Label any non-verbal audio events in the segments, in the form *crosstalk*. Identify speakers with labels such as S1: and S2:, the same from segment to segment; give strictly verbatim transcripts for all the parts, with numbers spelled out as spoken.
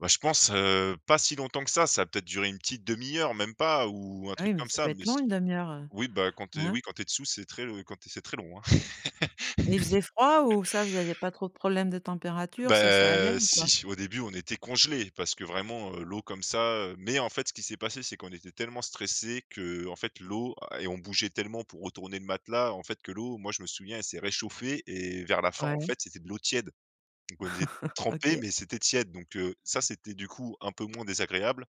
S1: Ouais je pense, heu, pas si longtemps que ça, ça a peut-être duré une petite demi-heure même pas ou un
S2: Et
S1: truc
S2: oui, mais
S1: comme
S2: ça peut
S1: ça,
S2: être
S1: mais s
S2: long une demi heure.
S1: oui bah quand tu es
S2: Hein?
S1: oui, quand tu es dessous c'est très l heu, quand tu es c'est très long, hein.
S2: Il faisait froid?
S1: *chuckles*
S2: Ou ça vous aviez pas trop de problèmes de température? Ça ça allait
S1: Bah
S2: ou pas?
S1: si, au début, on était congelés parce que vraiment, heu, l'eau comme ça, heu, mais en fait, ce qui s'est passé, c'est qu'on était tellement stressés qu'en fait l'eau a et on bougeait tellement pour retourner le matelas en fait, que l'eau, moi, je me souviens, elle s'est réchauffée et vers la fin, en
S2: Ouais.
S1: fait, c'était de l'eau tiède, donc on était
S2: *chuckles*
S1: trempés,
S2: OK.
S1: mais c'était tiède, donc heu, ça c'était, du coup, un peu moins désagréable.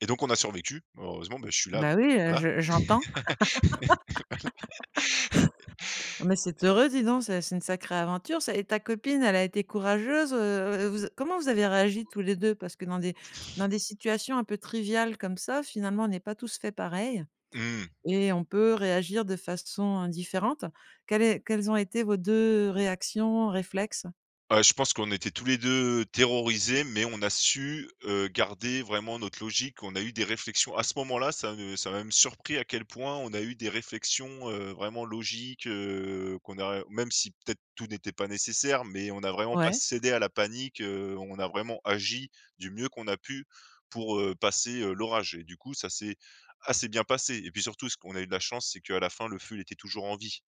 S1: Et donc on a survécu, heureusement, bah, je suis là,
S2: Bah,
S1: donc
S2: oui,
S1: heu,
S2: heu,
S1: voilà.
S2: je j'entends. *laughs* Mais c'est
S1: *laughs*
S2: heureux, dis donc ça, c'est une sacrée aventure, ça, et ta copine, elle a été courageuse, heu heu, vous a comment vous avez réagi tous les deux? Parce que dans des dans des situations un peu triviales comme ça, finalement, on est pas tous faits pareil
S1: Mmh.
S2: et on peut réagir de façon différente. Quelle est quelles ont été vos deux réactions, réflexes?
S1: Heu, je pense qu'on était tous les deux terrorisés, mais on a su, heu, garder vraiment notre logique. On a eu des réflexions à ce moment-là, ça ne ça m'a même surpris à quel point on a eu des réflexions, heu, vraiment logiques, heu, qu'on a heu, même si, peut-être, tout n'était pas nécessaire, mais on n'a vraiment pas
S2: Ouais.
S1: cédé à la panique, heu, on a vraiment agi du mieux qu'on a pu pour, heu, passer, heu, l'orage et du coup ça s'est assez bien passé, et puis, surtout ce qu'on a eu de la chance, c'est qu'à la fin, le feu, il était toujours en vie,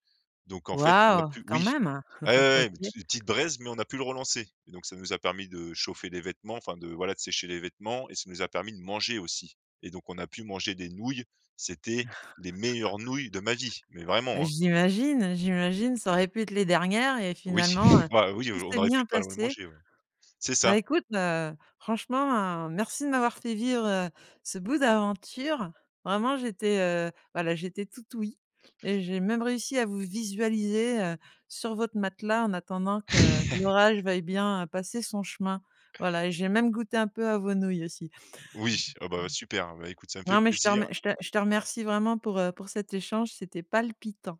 S1: donc en fait, on a
S2: Waouh,
S1: pu
S2: quand
S1: oui,
S2: même.
S1: ouais,
S2: *laughs*
S1: ouais, ouais,
S2: OK.
S1: tu petites braises, mais on a pu le relancer, et donc ça nous a permis de chauffer les vêtements, enfin de, voilà, de sécher les vêtements et ça nous a permis de manger aussi, et donc on a pu manger des nouilles, c'était les meilleures nouilles de ma vie, mais
S2: *laughs* Bah
S1: vraiment, hein!
S2: j'imagine, j'imagine, ça aurait pu être les dernières et
S1: Oui,
S2: finalement, heu,
S1: *chuckles* bah oui,
S2: tout
S1: aujou on
S2: s'est
S1: aurait
S2: bien
S1: pu pas le
S2: passé.
S1: manger ouais. C'est ça.
S2: Bah écoute, heu, franchement, hein, merci de m'avoir fait vivre, heu, ce bout d'aventure. Vraiment, j'étais, heu, bah, là j'étais toute ouïe, et j'ai même réussi à vous visualiser, heu, sur votre matelas en attendant que
S1: *chuckles*
S2: l'orage veuille bien passer son chemin. Voilà, et j'ai même goûté un peu à vos nouilles aussi.
S1: Oui. Ah bah, super. Ben, écoute, ça me fait
S2: Non mais je te
S1: plaisir.
S2: remer je te je te remercie vraiment pour, heu, pour cet échange, c'était palpitant.